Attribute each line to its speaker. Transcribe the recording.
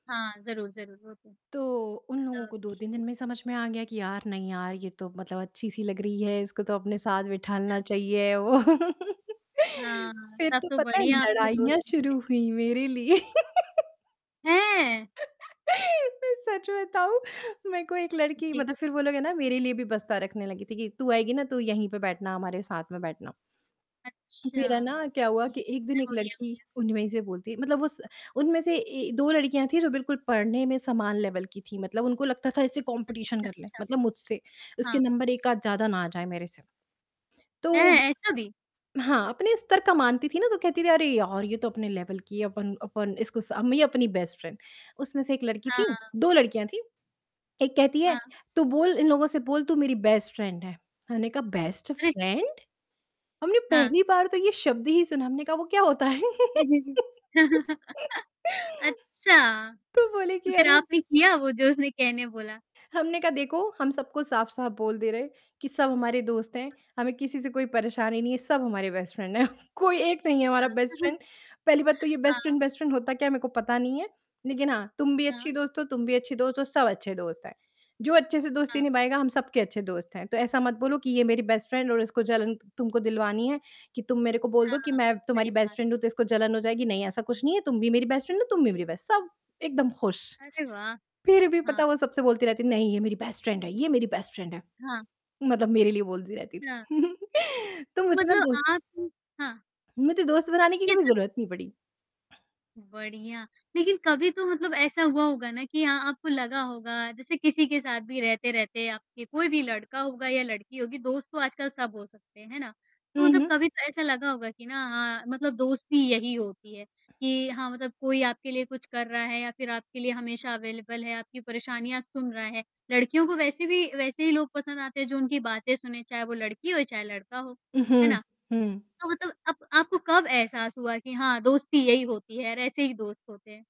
Speaker 1: हाँ, ज़रूर ज़रूर होते हैं।
Speaker 2: तो, उन लोगों को दो
Speaker 1: तभी।
Speaker 2: तीन दिन में ही समझ में आ गया कि यार, नहीं यार ये तो मतलब अच्छी-सी लग रही है, इसको तो अपने साथ बिठाना चाहिए वो।
Speaker 1: हाँ,
Speaker 2: फिर
Speaker 1: तब
Speaker 2: तो
Speaker 1: तो
Speaker 2: पता है
Speaker 1: बढ़िया आपके
Speaker 2: लड़ाइयाँ
Speaker 1: दोस्त बन गए।
Speaker 2: शुरू हुई मेरे लिए।
Speaker 1: हैं?
Speaker 2: मैं सच बताऊँ, मेरे को एक लड़की
Speaker 1: जी।
Speaker 2: मतलब फिर वो लोग ये ना मेरे लिए भी बस्ता रखने लगी थी कि तू आएगी ना तू यहीं पे बैठना हमारे साथ में बैठना।
Speaker 1: अच्छा।
Speaker 2: फिर है ना, क्या हुआ
Speaker 1: जी,
Speaker 2: कि
Speaker 1: ये
Speaker 2: एक दिन, एक
Speaker 1: बढ़िया हो
Speaker 2: लड़की
Speaker 1: गया।
Speaker 2: उनमें से ही बोलती है मतलब उस उनमें से ए 2 लड़कियाँ थी जो बिल्कुल पढ़ने में समान लेवल की थी, मतलब उनको लगता था इससे कॉम्पिटिशन
Speaker 1: अच्छा,
Speaker 2: कर ले,
Speaker 1: अच्छा।
Speaker 2: मतलब मुझसे, उसके
Speaker 1: हाँ।
Speaker 2: नंबर एक आध ज़्यादा ना आ जाए मेरे से। तो
Speaker 1: हैं, ऐसा भी?
Speaker 2: हाँ, अपने स्तर का मानती थी ना तो कहती थी "अरे यार! ये तो अपने लेवल की है अपन अपन इसको स ये अपनी बेस्ट फ्रेंड" उसमें से एक लड़की थी,
Speaker 1: हाँ।
Speaker 2: 2 लड़कियाँ थी। एक कहती है,
Speaker 1: हाँ।
Speaker 2: "तू बोल इन लोगों से बोल तू मेरी बेस्ट फ्रेंड है।" मैंने कहा, "बेस्ट
Speaker 1: अरे!
Speaker 2: फ्रेंड? हमने
Speaker 1: हाँ।
Speaker 2: पहली बार तो ये शब्द ही सुना है, हमने कहा वो क्या होता है?"
Speaker 1: जी, जी, जी। अच्छा।
Speaker 2: तो बोले कि,
Speaker 1: फिर
Speaker 2: "अरे"
Speaker 1: आपने किया वो जो उसने कहने बोला?
Speaker 2: हमने कहा, "देखो हम सबको साफ-साफ बोल दे रहे हैं कि सब हमारे दोस्त हैं। हमें किसी से कोई परेशानी नहीं है सब हमारे बेस्ट फ्रेंड हैं। कोई एक नहीं है
Speaker 1: हाँ।
Speaker 2: हमारा बेस्ट फ्रेंड पहली बात तो ये बेस्ट
Speaker 1: हाँ।
Speaker 2: फ्रेंड बेस्ट फ्रेंड होता क्या है मेरे को पता नहीं है। लेकिन हाँ, तुम भी अच्छी
Speaker 1: हाँ।
Speaker 2: दोस्त हो तुम भी अच्छी दोस्त हो, सब अच्छे दोस्त हैं। जो अच्छे से
Speaker 1: हाँ,
Speaker 2: दोस्ती
Speaker 1: हाँ।
Speaker 2: निभाएगा हम सब के अच्छे दोस्त हैं। तो ऐसा मत बोलो कि ये मेरी बेस्ट फ्रेंड और इसको जलन तुमको दिलवानी है कि तुम मेरे को बोल दो कि
Speaker 1: हाँ।
Speaker 2: मैं
Speaker 1: सही
Speaker 2: तुम्हारी बेस्ट
Speaker 1: बात।
Speaker 2: फ्रेंड हूँ तो इसको जलन हो जाएगी, नहीं ऐसा कुछ नहीं है तुम भी मेरी बेस्ट फ्रेंड हो तुम भी
Speaker 1: जी।
Speaker 2: मेरी बेस" सब एकदम खुश।
Speaker 1: अरे वाह!
Speaker 2: फिर भी
Speaker 1: हाँ।
Speaker 2: पता वो सबसे बोलती रहती है,
Speaker 1: बिल्कुल।
Speaker 2: "नहीं ये मेरी बेस्ट फ्रेंड है ये मेरी बेस्ट फ्रेंड है।"
Speaker 1: हाँ।
Speaker 2: मतलब मेरे लिए बोलती रहती थी।
Speaker 1: अच्छा।
Speaker 2: तो
Speaker 1: तो
Speaker 2: मुझे ना
Speaker 1: मतलब
Speaker 2: दोस्त
Speaker 1: आप हाँ।
Speaker 2: मुझे दोस्त बनाने की
Speaker 1: ये
Speaker 2: कभी
Speaker 1: तो स
Speaker 2: ज़रूरत नहीं पड़ी।
Speaker 1: बढ़िया, लेकिन कभी तो मतलब ऐसा हुआ होगा ना कि हाँ अ आपको लगा होगा जैसे किसी के साथ भी रहते-रहते आपके कोई भी लड़का होगा या लड़की होगी दोस्त तो आजकल सब हो सकते हैं। है ना? तो
Speaker 2: हुँ,
Speaker 1: मतलब
Speaker 2: हुँ।
Speaker 1: कभी तो ऐसा लगा होगा कि ना हाँ मतलब दोस्ती यही होती है कि, हाँ मतलब कोई आपके लिए कुछ कर रहा है या फिर आपके लिए हमेशा अवेलेबल है आपकी परेशानियाँ सुन रहा है। लड़कियों को वैसे भी वैसे ही लोग पसंद आते हैं जो उनकी बातें सुनें चाहे वो लड़की हो चाहे लड़का हो।
Speaker 2: उ,
Speaker 1: है
Speaker 2: हुँ।
Speaker 1: ना?
Speaker 2: हुँ।
Speaker 1: तो मतलब अप आपको कब एहसास हुआ कि हाँ, दोस्ती यही होती है और ऐसे ही दोस्त होते हैं?